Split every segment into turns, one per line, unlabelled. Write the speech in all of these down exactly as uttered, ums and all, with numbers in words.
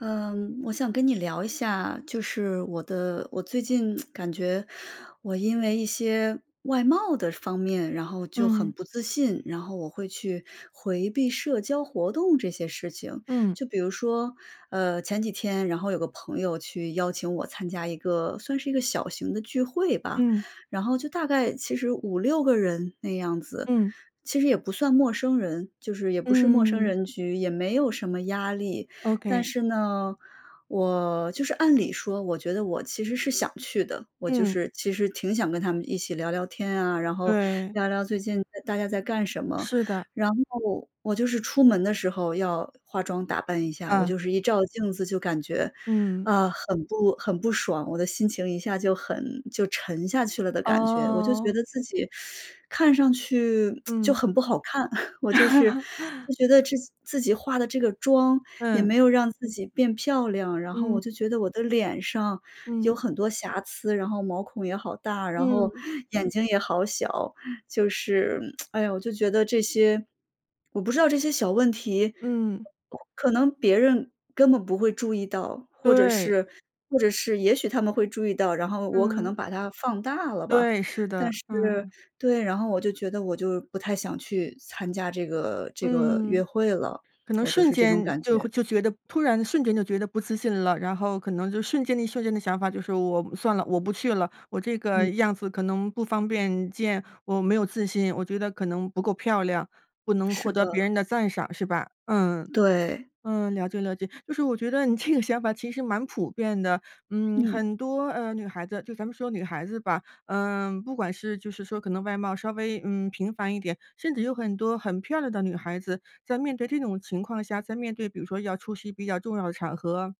嗯，我想跟你聊一下，就是我的我最近 感觉，我因为一些外貌的方面，然后就很
嗯。
不自信，然后我会去回避社交活动这些事情。
嗯。
就比如说，呃，前几天，然后有个朋友去邀请我参加一个算是一个小型的聚会吧，
嗯。
然后就大概其实五六个人那样子，
嗯。
其实也不算陌生人，就是也不是陌生
嗯。
人局，也没有什么压力，但
Okay。
是呢，我就是按理说，我觉得我其实是想去的，我就
嗯。
是其实挺想跟他们一起聊聊天啊，然后
对。
聊聊最近大家在干什么。
是的。
然后我就是出门的时候要化妆打扮一下，我
啊。
就是一照镜子就感觉，
嗯。
啊，很不很不爽，我的心情一下就很就沉下去了的感觉，我就觉
哦。
得自己 看上去 就
嗯。
很不好看。我就是 觉得自己自己化得这个妆也没
嗯。
有让自己变漂亮，然后
嗯。
我就觉得我的脸上有
嗯。
很多瑕疵，然后毛孔也好大，然后
嗯。
眼睛也好小。就是，哎呀，我就觉得这些我不知道这些小问题
嗯。
可能别人根本不会注意到，或者
对。
是或者是也许他们会注意到，然后我可能
嗯。
把它放大了吧。
对，是
但
的，
是
嗯。
对，然后我就觉得我就不太想去参加这个这个约
嗯。
会了，
可能
我就
瞬
是这种
间
感
就
觉。
会就觉得突然瞬间就觉得不自信了，然后可能就瞬间一瞬间的想法就是我算了，我不去了，我这个
嗯。
样子可能不方便见，我没有自信，我觉得可能不够漂亮，不能
是
获得别
的。
人的赞赏，是吧？嗯，
对。
嗯，了解了解，就是我觉得你这个想法其实蛮普遍的，嗯，
嗯。
很多，呃，女孩子，就咱们说女孩子吧，呃，不管是就是说可能外貌稍微，嗯，平凡一点，甚至有很多很漂亮的女孩子在面对这种情况下，在面对比如说要出席比较重要的场合，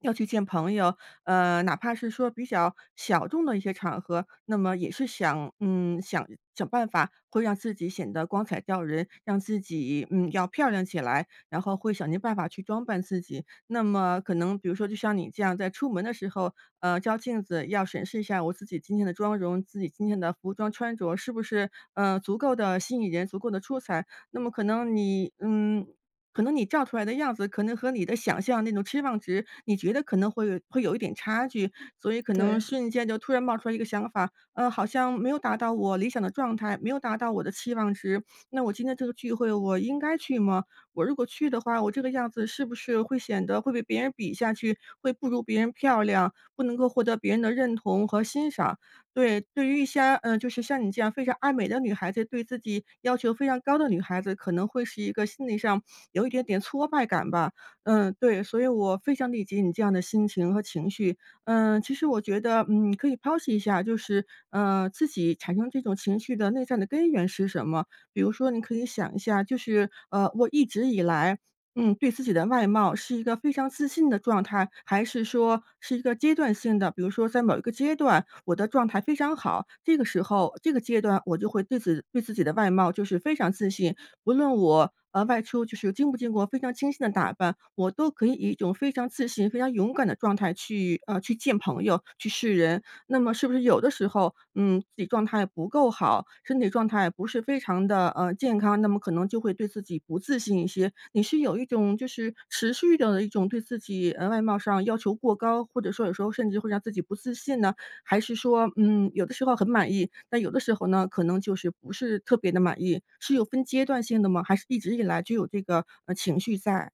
要去见朋友，呃，哪怕是说比较小众的一些场合，那么也是想嗯，想想办法会让自己显得光彩照人，让自己，嗯，要漂亮起来，然后会想尽办法去装扮自己，那么可能比如说就像你这样在出门的时候，呃，照镜子要审视一下我自己今天的妆容，自己今天的服装穿着是不是，呃，足够地吸引人、足够地出彩？那么可能你，嗯，可能你照出来的样子可能和你的想象那种期望值，你觉得可能会会有一点差距，所以可能
对。
瞬间就突然冒出来一个想法，呃，好像没有达到我理想的状态，没有达到我的期望值，那我今天这个聚会我应该去吗？我如果去的话，我这个样子是不是会显得会被别人比下去，会不如别人漂亮，不能够获得别人的认同和欣赏？对，对于一些，呃，就是像你这样非常爱美的女孩子，对自己要求非常高的女孩子，可能会是一个心理上，有一点点挫败感吧。嗯，对所以我非常理解你这样的心情和情绪。呃，其实我觉得，嗯，可以剖析一下，就是，呃，自己产生这种情绪的内在的根源是什么？比如说你可以想一下就是，呃，我一直以来，嗯，对自己的外貌是一个非常自信的状态，还是说是一个阶段性的，比如说在某一个阶段，我的状态非常好，这个时候，这个阶段我就会对自己对自己的外貌就是非常自信，无论我，呃，外出就是经不经过非常精心的打扮，我都可以以一种非常自信，非常勇敢的状态去，呃，去见朋友，去示人。那么是不是有的时候，嗯，自己状态不够好，身体状态不是非常地，呃，健康，那么可能就会对自己不自信一些。你是有一种就是持续地一种对自己，呃，外貌上要求过高，或者说有时候甚至会让自己不自信呢？还是说，嗯，有的时候很满意，但有的时候呢，可能就是不是特别地满意，是有分阶段性的吗，还是一直以来就有这个，呃，情绪在？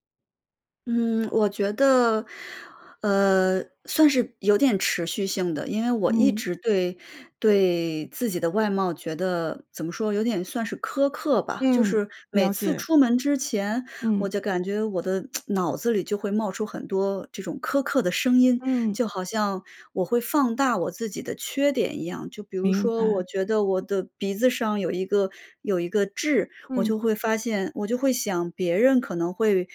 嗯，我觉得，呃，算是有点持续性的。因为我一
嗯。
直对对自己的外貌觉得，怎么说有点算是苛刻吧。就
嗯，
是每
了
次
解。
出门之前，我
嗯。
就感觉我的 脑子里就会冒出很多，这种苛刻的声音，
嗯。
就好像我会放大我自己的缺点一样。就比如
明
说，我
白。
觉得我的鼻子上有一个有一个痣，我
嗯。
就会发现我就会想别人可能会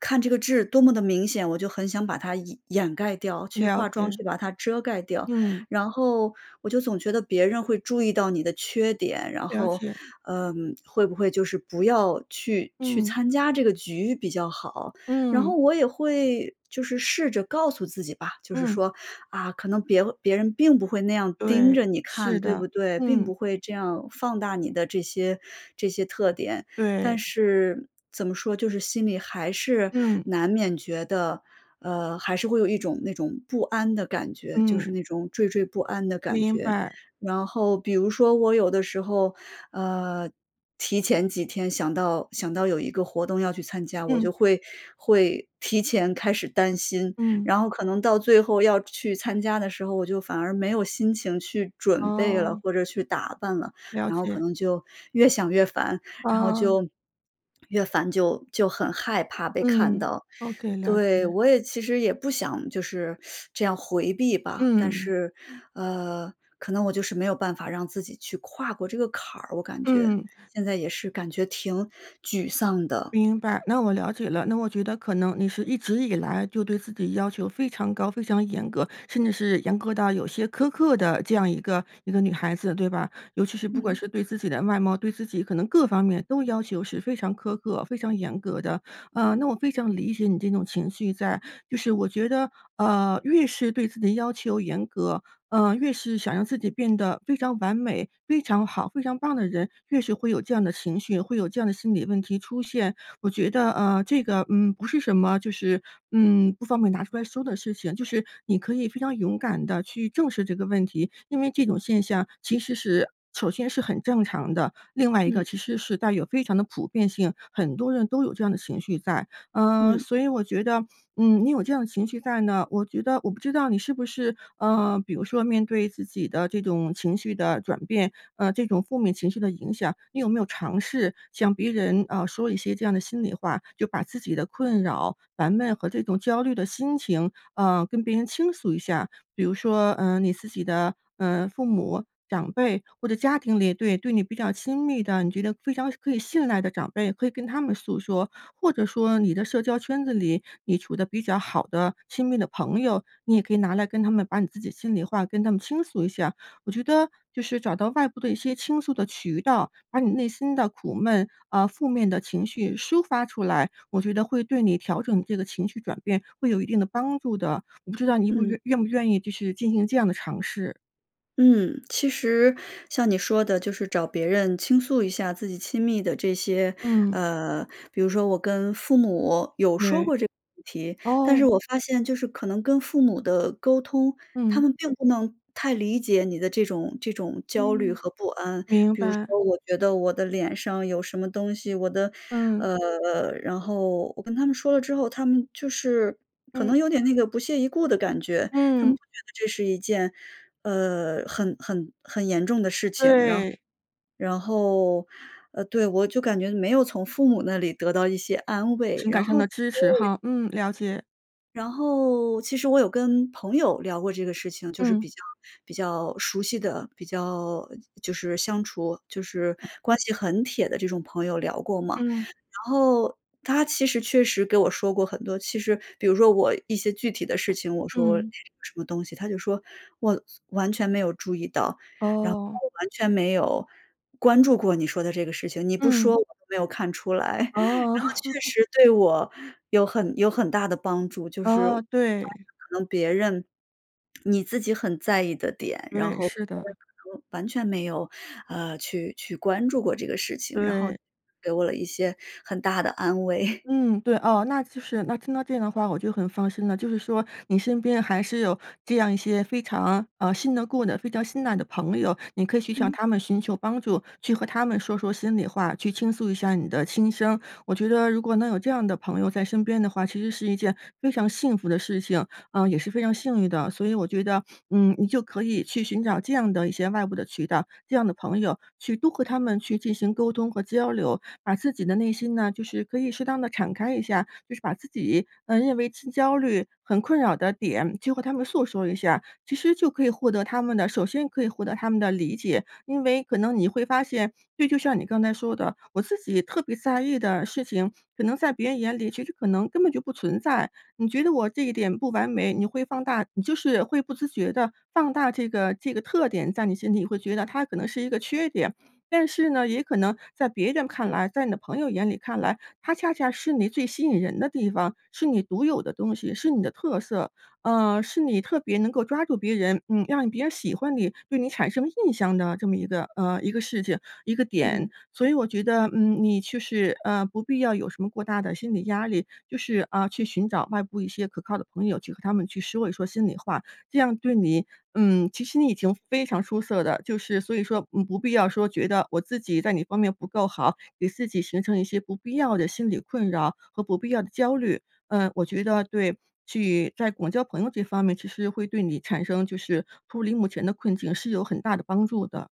看这个痣多么的明显，我就很想把它掩盖掉，去
了
化妆，
解。
去把它遮盖掉。
嗯。
然后我就总觉得别人会注意到你的缺点，然
了
后，
解。
嗯会不会就是不要去去
嗯。
参加这个局比较好？然后
嗯。
我也会就是试着告诉自己吧，就是
嗯。
说：“啊，可能别别人并不会那样盯
对。
着你看，
是
对
的。
不对？并
嗯。
不会这样放大你的这些这些特点。
对。
“但是怎么说，就是，心里还是
嗯。
难免觉得，呃还是会有一种那种不安的感觉，就
嗯。
是那种惴惴不安的感
明
觉。
白。
然后比如说我有的时候，呃，提前几天想到想到有一个活动要去参加，我
嗯。
就会会提前开始担心。
嗯。
然后可能到最后要去参加的时候，我就反而没有心情去准备了，
哦。
或者去打扮了。
了
然后可
解。
能就越想越烦，然后
嗯。
就，越烦就就很害怕被看
嗯。
到。
Okay，了
对，
解。
我也其实也不想，就是 这样回避吧，但
嗯。
是，呃，可能我就是没有办法让自己去跨过这个坎儿我感觉。
嗯。
现在也是感觉挺沮丧的。
明白，那我了解了。那我觉得，可能你是一直以来就对自己要求非常高、非常严格，甚至是严格到有些苛刻的这样一个一个女孩子，对吧？尤其是不管
嗯。
是对自己的外貌、对自己可能各方面都要求是非常苛刻、非常严格的。呃，那我非常理解你这种情绪在。就是我觉得，呃，越是对自己要求严格，呃，越是想让自己变得非常完美、非常好、非常棒的人，越是会有这样的情绪，会有这样的心理问题出现。我觉得，呃，这个，嗯，不是什么就是，嗯，不方便拿出来说的事情。就是你可以非常勇敢地去正视这个问题，因为这种现象其实是首先是很正常的。另外一个
嗯。
其实是带有非常的普遍性，很多人都有这样的情绪在。呃，
嗯。
所以我觉得，嗯，你有这样的情绪在呢，我觉得我不知道你是不是，呃，比如说面对自己的这种情绪的转变，呃这种负面情绪的影响，你有没有尝试向别人，啊，说一些这样的心里话就把自己的困扰、烦闷和这种焦虑的心情，呃，跟别人倾诉一下。比如说，呃，你自己的，呃，父母、长辈，或者家庭里对对你比较亲密的，你觉得非常可以信赖的长辈，可以跟他们诉说。或者说你的社交圈子里，你处得比较好的，亲密的朋友，你也可以拿来跟他们把你自己心里话跟他们倾诉一下。我觉得就是找到外部的一些倾诉的渠道，把你内心的苦闷，呃，负面的情绪抒发出来，我觉得会对你调整这个情绪转变会有一定的帮助的。我不知道你不
嗯。
愿愿不愿意就是进行这样的尝试？
嗯。其实像你说的，就是找别人倾诉一下自己亲密的这些，
嗯。
呃比如说，我跟父母有说
对。
过这个问题，但是
哦。
我发现就是可能跟父母的沟通，他
嗯。
们并不能太理解你的这种这种焦虑
嗯。
和不安。
明
比如
白。
说，我觉得，我的脸上有什么东西，我的，
嗯。
呃然后我跟他们说了之后，他们就是可
嗯。
能有点那个不屑一顾的感觉。他们
嗯。
不觉得这是一件，呃，很很很严重的事情。然
对。
然后，呃，对，我就感觉，没有从父母那里得到一些安慰，
情感
然
上
后
的支持哈。嗯，了解。
然后其实我有跟朋友聊过这个事情，就是
嗯。
比较比较熟悉的，比较就是相处就是
嗯。
关系很铁的这种朋友聊过嘛。
嗯。
然后，他其实确实给我说过很多其实比如说我，一些具体的事情，我说
嗯。
什么东西，他就说：“我完全没有注意到，然后
哦。
完全没有关注过你说的这个事情。你不说
嗯。
我都没有看出来。” 然后确
哦。
实对我有很有很大的帮助，就是
哦，对。
可能别人你自己很在意的点，然
对，
后别
是的。
人可能完全没有，呃，去去关注过这个事情，然后
对。
给我了一些很大的安慰。
嗯，对。哦，那其实那听到这样的话我就很放心了，就是说你身边还是有这样一些非常，嗯，信得过的非常信赖的朋友，你可以去向
嗯。
他们寻求帮助，去和他们说说心里话，去倾诉一下你的心声。我觉得如果能有这样的朋友在身边的话，其实是一件非常幸福的事情，呃，也是非常幸运的。所以我觉得，嗯，你就可以去寻找这样的一些外部的渠道，这样的朋友去都和他们去进行沟通和交流，把自己的内心呢，就是可以适当地敞开一下，就是把自己，嗯，认为 焦虑很困扰的点，就和他们诉说一下，其实就可以获得他们的首先可以获得他们的理解。因为可能你会发现，对，就像你刚才说的，我自己特别在意的事情，可能在别人眼里，其实可能根本就不存在。你觉得我这一点不完美，你会放大，你就是会不自觉的放大这个这个特点，在你心里会觉得它可能是一个缺点。但是呢，也可能在别人看来，在你的朋友眼里看来，它恰恰是你最吸引人的地方，是你独有的东西，是你的特色，呃，是你特别能够抓住别人，嗯，让别人喜欢你，对你产生印象的，这么一个呃，一个事情，一个
嗯。
点。所以我觉得，嗯，你就是，呃，不必要什么过大的心理压力，就是，嗯，去寻找外部一些可靠的朋友去和他们去说一说心里话，这样对你嗯，其实你已经非常出色的，就是所以说，嗯，不必要说，觉得我自己在你方面不够好，给自己形成一些不必要的心理困扰，和不必要的焦虑。嗯，我觉得，对，去在广交朋友这方面，其实会对你产生就是脱离目前的困境是有很大的帮助的。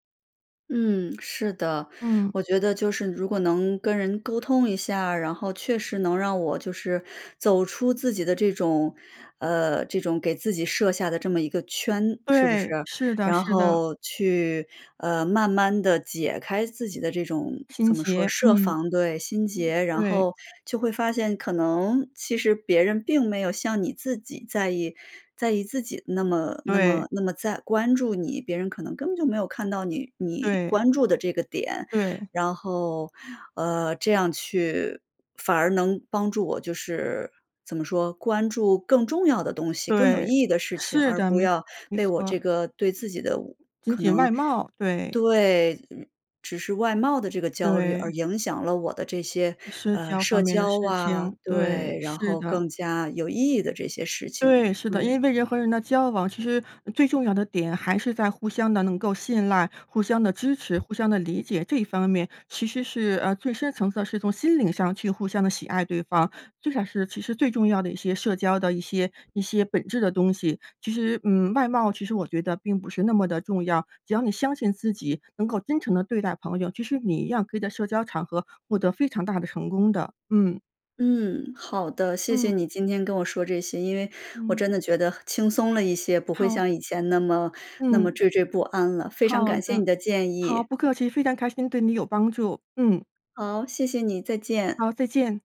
嗯，是的。
嗯。
我觉得就是如果能跟人沟通一下儿，然后确实能让我就是走出自己的这种呃，这种给自己设下的这么一个圈，是不是？
对，是的，
然
是的。
后去，呃，慢慢地解开自己的这种
心
怎么说
结，
设
嗯。
防。对，心结。然
对。
后就会发现，可能其实别人并没有像你自己在意在意自己那么那
对。
么那么在关注你，别人可能根本就没有看到你你
对。
关注的这个点。
对。
然后，呃，这样去反而能帮助我，就是怎么说，关注更重要的东西、更有意
对。
义的事情，
是
而
的，
不
没
要
[unintelligible] 没
被我
错。
这个对自己的
仅
可
仅
能
外貌，对。
对。只是外貌的这个焦虑而
对。
影响了我的这些，
社
呃，
交方
社
面的
交
事
啊。
情。对，
对，然
是
后
的。
更加有意义的这些事情，
对，是的，因
对。
为人和人的交往，其实最重要的点还是在互相地能够信赖、互相地支持、互相地理解，这一方面其实是，呃，最深层次的是从心灵上去互相地喜爱对方，最少是其实最重要的一些社交的一些一些本质的东西。其实，嗯，外貌其实我觉得并不是那么地重要，只要你相信自己能够真诚地对待朋友，其实你一样可以在社交场合获得非常大的成功的。嗯。
嗯，好的，谢谢
嗯。
你今天跟我说这些。因为我
嗯。
真的觉得轻松了一些，不会
好。
像以前那么那么
嗯。
惴惴不安了。非常
好
感谢你
的。
的建
好，
议。
不客气，非常开心对你有帮助。嗯。
好，谢谢你，再见。
好，再见。